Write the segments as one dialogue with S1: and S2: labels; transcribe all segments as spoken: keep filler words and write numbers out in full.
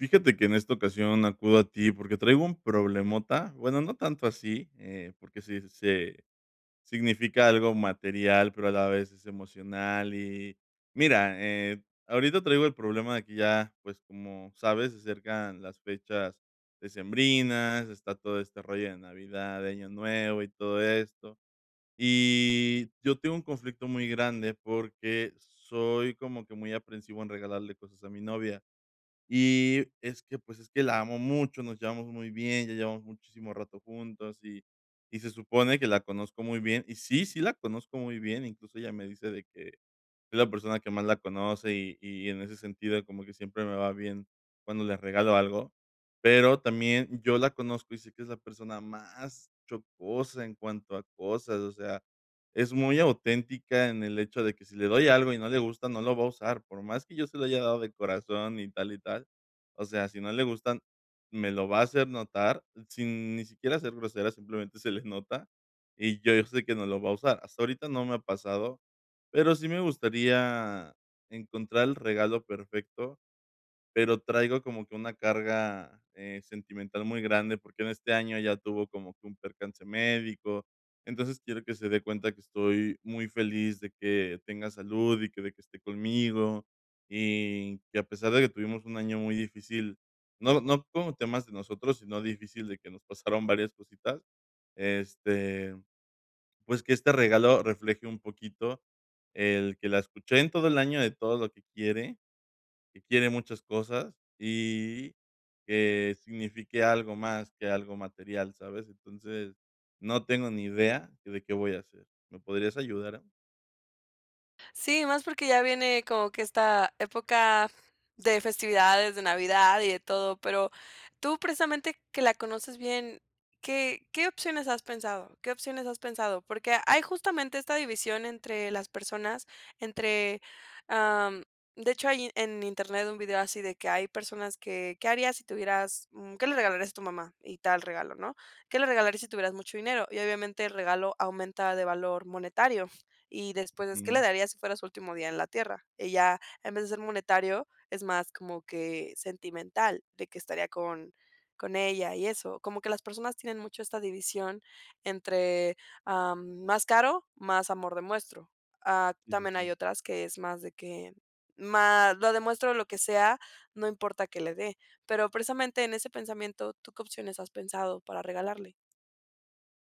S1: Fíjate que, en esta ocasión acudo a ti porque traigo un problemota, bueno, no tanto así, eh, porque si se significa algo material, pero a la vez es emocional y, mira, eh, ahorita traigo el problema de que ya, pues, como sabes, se acercan las fechas decembrinas, está todo este rollo de Navidad, de Año Nuevo y todo esto, y yo tengo un conflicto muy grande porque soy como que muy aprensivo en regalarle cosas a mi novia, y es que, pues, es que, la amo mucho, nos llevamos muy bien, ya llevamos muchísimo rato juntos y y se supone que la conozco muy bien, y sí, sí la conozco muy bien, incluso ella me dice de que, es la persona que más la conoce y y en ese sentido como que siempre me va bien cuando les regalo algo, pero también yo la conozco y sé que es la persona más chocosa en cuanto a cosas, o sea, es muy auténtica en el hecho de que si le doy algo y no le gusta, no lo va a usar, por más que yo se lo haya dado de corazón, y tal, y tal, o sea, si no le gustan, me lo va a hacer notar sin ni siquiera ser grosera simplemente se le nota y yo sé que no lo va a usar, hasta ahorita no me ha pasado, pero sí me gustaría encontrar el regalo perfecto, pero traigo como que una carga, eh, sentimental muy grande, porque en este año ella tuvo como que un percance médico, entonces, quiero que se dé cuenta que estoy muy feliz de que tenga salud y que de que esté conmigo, y que a pesar de que tuvimos un año muy difícil, no, no como temas de nosotros, sino difícil de que nos pasaron varias cositas, este, pues, que este regalo refleje un poquito el que la escuché en todo el año, de todo lo que quiere, que quiere muchas cosas, y que signifique algo más que algo material, ¿sabes?, entonces, no tengo ni idea de qué voy a hacer, ¿me podrías ayudar?
S2: Sí, más porque ya viene como que esta época de festividades, de Navidad y de todo, pero, tú precisamente que la conoces bien, ¿qué qué opciones has pensado? ¿Qué opciones has pensado?, porque hay justamente esta división entre las personas, entre, am, de hecho, hay en Internet un vídeo así de que hay personas que, ¿qué harías si tuvieras? ¿Qué le regalarías a tu mamá?, y tal regalo, ¿no? ¿Qué le regalarías si tuvieras mucho dinero?, y obviamente el regalo aumenta de valor monetario. Y después, ¿qué le
S1: Ujú.
S2: darías si fueras su último día en la tierra?, ella, en vez de ser monetario, es más como que sentimental, de que estaría con con ella y eso. Como que las personas tienen mucho esta división entre, am, más caro, más amor demuestro, am,
S1: Sí, sí,
S2: también hay
S1: sí.
S2: otras que es más de que, más lo demuestro o lo que sea, no importa que le dé. Pero, precisamente en ese pensamiento, ¿tú qué opciones has pensado para regalarle?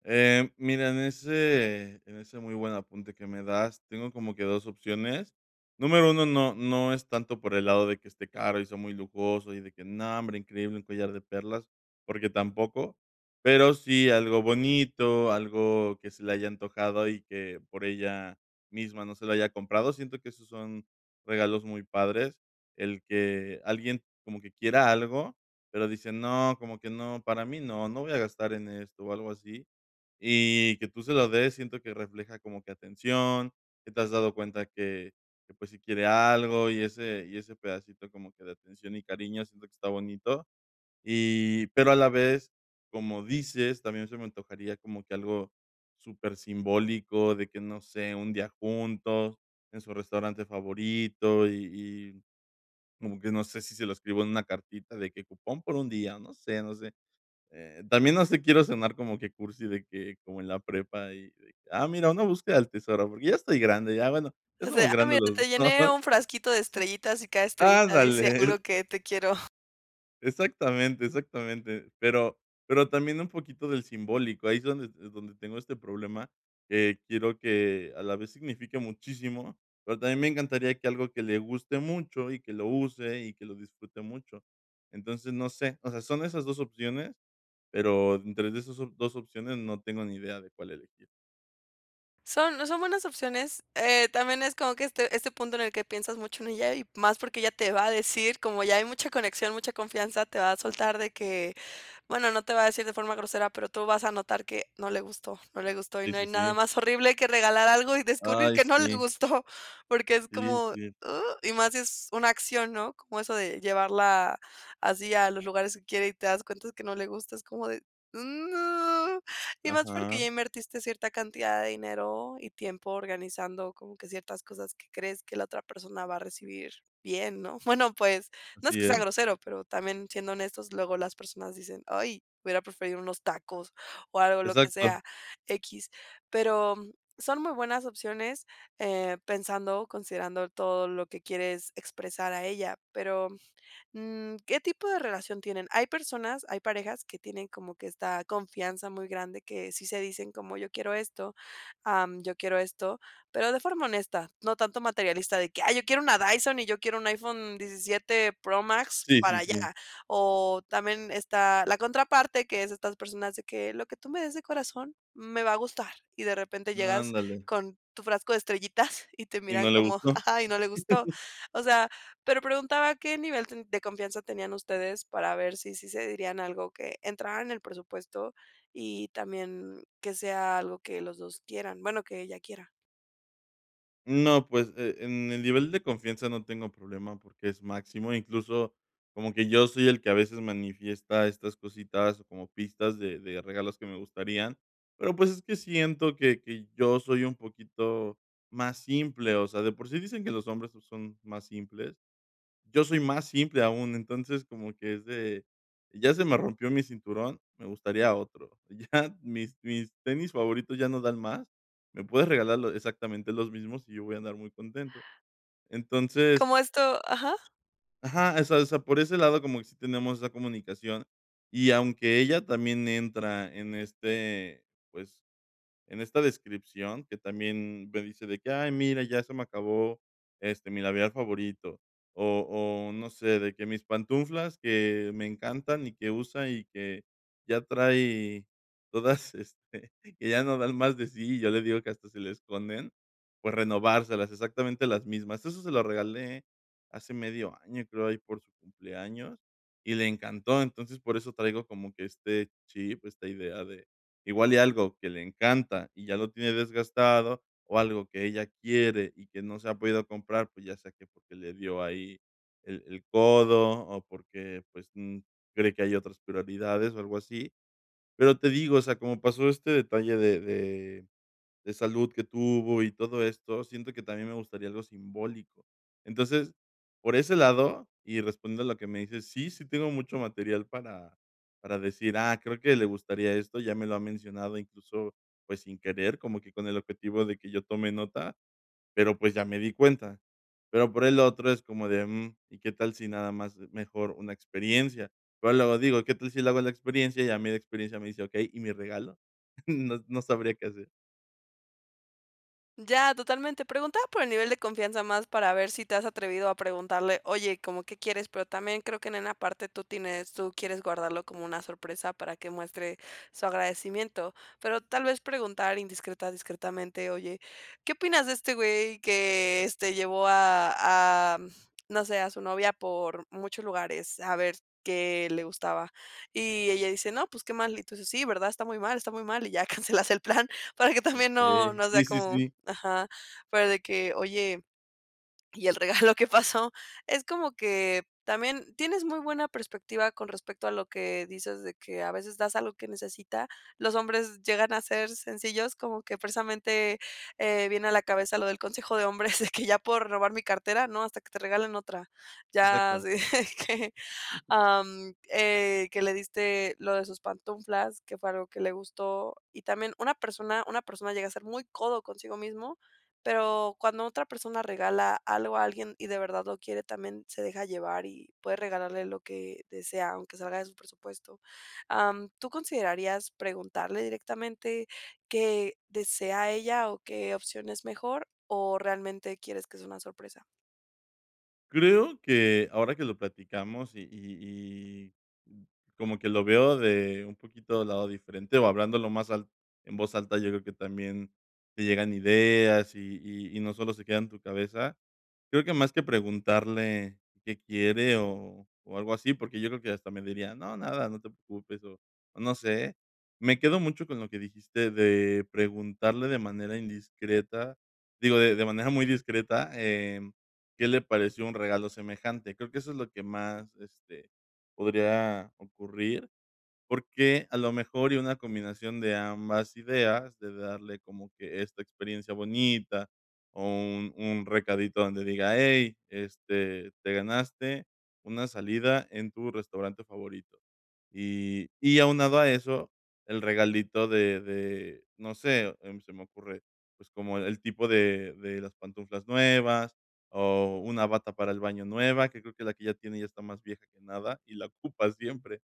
S1: Eh, mira, en ese en ese muy buen apunte que me das, tengo como que dos opciones. Número uno, no no es tanto por el lado de que esté caro, y sea muy lujoso y de que, no, hombre, increíble, un collar de perlas, porque tampoco. Pero sí, algo bonito, algo que se le haya antojado y que por ella misma no se lo haya comprado. Siento que esos son regalos muy padres, el que alguien como que quiera algo, pero dice: "No, como que no, para mí no, no voy a gastar en esto", o algo así. Y que tú se lo des, siento que refleja como que atención, que te has dado cuenta que que, pues, si quiere algo y ese y ese pedacito como que de atención y cariño siento que está bonito. Y, pero a la vez, como dices, también se me antojaría como que algo supersimbólico de que, no sé, un día juntos en su restaurante favorito, y y como que no sé si, se lo escribo en una cartita de que cupón por un día, no sé no sé, eh, también no sé, quiero cenar como que cursi de que como en la prepa y de que: "Ah, mira, una búsqueda del tesoro", porque ya estoy grande, ya bueno, ya
S2: O
S1: somos
S2: sea, "Ah,
S1: grandes
S2: mira,
S1: los dos,
S2: te
S1: ¿no?,
S2: llené
S1: sí.
S2: un frasquito de estrellitas y cada estrellita dice algo
S1: ¡Ándale!
S2: que, te quiero".
S1: Exactamente, exactamente, pero pero también un poquito del simbólico, ahí es donde es donde tengo este problema, eh, quiero que a la vez signifique muchísimo, pero también me encantaría que algo que le guste mucho y que lo use y que lo disfrute mucho, entonces, no sé, o sea, son esas dos opciones, pero entre de esas op dos opciones no tengo ni idea de cuál elegir.
S2: Son, no, son buenas opciones, eh, también es como que este, este punto en el que piensas mucho en ella, y más porque ella te va a decir, como ya hay mucha conexión, mucha confianza, te va a soltar de que, bueno, no te va a decir de forma grosera, pero tú vas a notar que, no le gustó, no le gustó, y
S1: Sí,
S2: no hay
S1: sí,
S2: nada
S1: sí.
S2: más horrible que regalar algo y descubrir
S1: Ay,
S2: que no le
S1: sí.
S2: gustó, porque es
S1: Sí,
S2: como, ¡uh!,
S1: sí.
S2: y más sí es una acción, ¿no?, como eso de llevarla así a los lugares que quiere y te das cuenta que no le gusta, es como de, no, y más porque
S1: Ajá.
S2: ya invertiste cierta cantidad de dinero y tiempo organizando como que ciertas cosas que crees que la otra persona va a recibir bien, ¿no?, bueno, pues, no es
S1: Sí,
S2: que sea
S1: ¿eh?
S2: grosero, pero también siendo honestos, luego las personas dicen: "Ay, hubiera preferido unos tacos", o algo, lo que
S1: Exacto.
S2: sea, equis, pero, mm, son muy buenas opciones, eh, pensando, considerando todo lo que quieres expresar a ella, pero, mm, ¿qué tipo de relación tienen? Hay personas, hay parejas que tienen como que esta confianza muy grande, que sí se dicen como: "Yo quiero esto, am, yo quiero esto", pero de forma honesta, no tanto materialista de que: "Ay, yo quiero una Dyson y yo quiero un iPhone diecisiete Pro Max
S1: Sí, sí,
S2: para ya",
S1: sí.
S2: o también está la contraparte, que es estas personas de que: "Lo que tú me des de corazón, me va a gustar", y de repente llegas
S1: Ándale.
S2: con tu frasco de estrellitas y te
S1: Y
S2: miran
S1: no le
S2: como,
S1: gustó.
S2: ajá, y no le gustó, o sea, pero preguntaba a qué nivel de confianza tenían ustedes para ver si sí se dirían algo que entrara en el presupuesto y también que sea algo que los dos quieran, bueno, que ella quiera.
S1: No, pues, e en el nivel de confianza no tengo problema, porque es máximo. Incluso, como que yo soy el que a veces manifiesta estas cositas como pistas de de regalos que me gustarían, pero, pues, es que siento que que yo soy un poquito más simple, o sea, de por sí dicen que los hombres so son más simples. Yo soy más simple aún, entonces, como que es de: "Ya se me rompió mi cinturón, me gustaría otro, ya mis mis tenis favoritos ya no dan más, me puedes regalar lo exactamente los mismos y yo voy a andar muy contento". Entonces
S2: Como esto, ajá.
S1: Ajá, o sea o sea, por ese lado como que sí tenemos esa comunicación y aunque ella también entra en este pues, en esta descripción, que también me dice de que: "Ay, mira, ya se me acabó este, mi labial favorito", o o no sé, de que: "Mis pantunflas que me encantan y que usa y que ya trae todas, este, que ya no dan más de sí", y yo le digo que hasta se le esconden, pues, renovárselas exactamente las mismas. Eso se lo regalé hace medio año, creo, ahí por su cumpleaños, y le encantó. Entonces, por eso traigo como que este chip, esta idea de igual y algo que le encanta y ya lo tiene desgastado o algo que ella quiere y que no se ha podido comprar, pues, ya sea que porque le dio ahí el el codo o porque, pues, mm, cree que hay otras prioridades o algo así, pero te digo, o sea, como pasó este detalle de de de salud que tuvo y todo esto, siento que también me gustaría algo simbólico. Entonces, por ese lado, y respondo a lo que me dices, sí, sí tengo mucho material para para decir: "Ah, creo que le gustaría esto", ya me lo ha mencionado, incluso, pues, sin querer, como que con el objetivo de que yo tome nota, pero, pues, ya me di cuenta, pero por el otro es como de, mm: "¿Y qué tal si nada más, mejor una experiencia?". Pero luego digo: "¿Qué tal si le hago la experiencia?". Y a mí de experiencia me dice: "Okey, ¿y mi regalo?". No, no sabría qué hacer.
S2: Ya, totalmente. Preguntaba por el nivel de confianza más para ver si te has atrevido a preguntarle: "Oye, ¿cómo que quieres?". Pero también creo que en una parte tú tienes tú quieres guardarlo como una sorpresa para que muestre su agradecimiento. Pero tal vez preguntar indiscreta discretamente: "Oye, ¿qué opinas de este güey que, este, llevó a a, mm, no sé, a su novia por muchos lugares a ver qué le gustaba?". Y ella dice: "No, pues qué mal", y tú dices: "Sí, verdad, está muy mal, está muy mal", y ya cancelas el plan, para que también no
S1: Okey,
S2: no sea
S1: sí, sí,
S2: como
S1: sí.
S2: ajá, fuera de que: "Oye, ¿y el regalo qué pasó?". Es como que también tienes muy buena perspectiva con respecto a lo que dices de que a veces das algo que necesita. Los hombres llegan a ser sencillos, como que precisamente, eh, viene a la cabeza lo del consejo de hombres de que: de que: "¿Ya pueden robar mi cartera?, no, hasta que te regalen otra". Ya
S1: Exacto.
S2: así de que am, eh, que le diste lo de sus pantunflas, que fue algo que le gustó. Y también una persona una persona llega a ser muy codo consigo mismo, pero cuando otra persona regala algo a alguien y de verdad lo quiere, también se deja llevar y puede regalarle lo que desea, aunque salga de su presupuesto. Am, ¿tú considerarías preguntarle directamente qué desea ella o qué opción es mejor, o realmente quieres que sea una sorpresa?
S1: Creo que ahora que lo platicamos y y y, mm, como que lo veo de un poquito del lado diferente o hablándolo más al en voz alta, yo creo que también te llegan ideas y y y no solo se queda en tu cabeza. Creo que más que preguntarle qué quiere o o algo así, porque yo creo que hasta me diría: "No, nada, no te preocupes", o o no sé. Me quedo mucho con lo que dijiste de preguntarle de manera indiscreta, digo, de de manera muy discreta, em, ¿qué le pareció un regalo semejante?, creo que eso es lo que más, este, podría ocurrir. Porque a lo mejor y una combinación de ambas ideas, de darle como que esta experiencia bonita o un un recadito donde diga: "Hey, este, te ganaste una salida en tu restaurante favorito". Y y aunado a eso, el regalito de de, no sé, em, se me ocurre, pues, como el tipo de de las pantuflas nuevas, o una bata para el baño nueva, que creo que la que ya tiene ya está más vieja que nada y la ocupa siempre.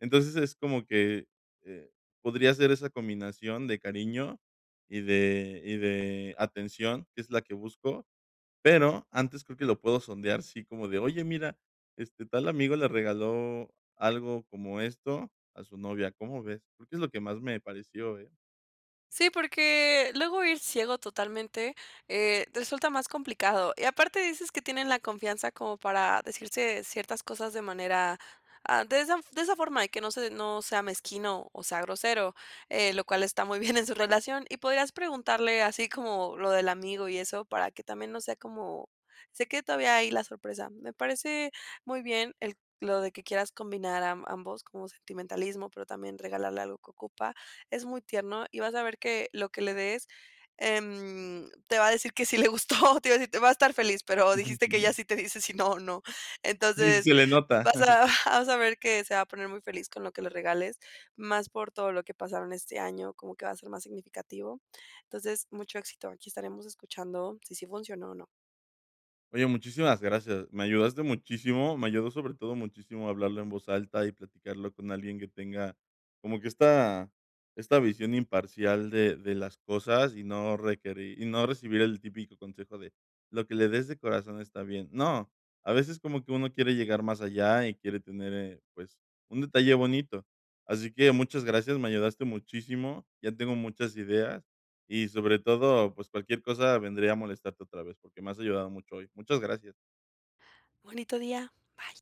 S1: Entonces, es como que, eh, podría ser esa combinación de cariño y de y de atención, que es la que busco, pero, antes creo que lo puedo sondear, sí, como de: "Oye, mira, este tal amigo le regaló algo como esto a su novia, ¿cómo ves?", creo que es lo que más me pareció, eh.
S2: Sí, porque luego ir ciego totalmente, eh, resulta más complicado, y aparte dices que tienen la confianza como para decirse ciertas cosas de manera, ah, de esa de esa forma y que no se no sea mezquino o, sea grosero, eh, lo cual está muy bien en su relación. Y podrías preguntarle, así como lo del amigo y eso, para que también no sea como, se quede todavía hay la sorpresa. Me parece muy bien el lo de que quieras combinar a ambos como sentimentalismo, pero también regalarle algo que ocupa. Es muy tierno y vas a ver que lo que le des, em, te va a decir que sí le gustó, te iba a decir, te va a estar feliz, pero
S1: Ujú,
S2: dijiste que
S1: ujú.
S2: ya si te dice si no, no.
S1: Sí, sí,
S2: Entonces,
S1: se le nota.
S2: vas a
S1: Sí.
S2: vas a ver que se va a poner muy feliz con lo que le regales, más por todo lo que pasaron este año, como que va a ser más significativo. Entonces, mucho éxito, aquí estaremos escuchando si sí funcionó o no.
S1: Oye, muchísimas gracias. Me ayudaste muchísimo, me ayudó sobre todo muchísimo hablarlo en voz alta y platicarlo con alguien que tenga como que esta esta visión imparcial de de las cosas y no requerir y no recibir el típico consejo de: "Lo que le des de corazón está bien". No, a veces como que uno quiere llegar más allá y quiere tener, eh, pues, un detalle bonito. Así que muchas gracias, me ayudaste muchísimo, ya tengo muchas ideas, y sobre todo, pues, cualquier cosa vendría a molestarte otra vez, porque me has ayudado mucho hoy. Muchas gracias.
S2: Bonito día, bye.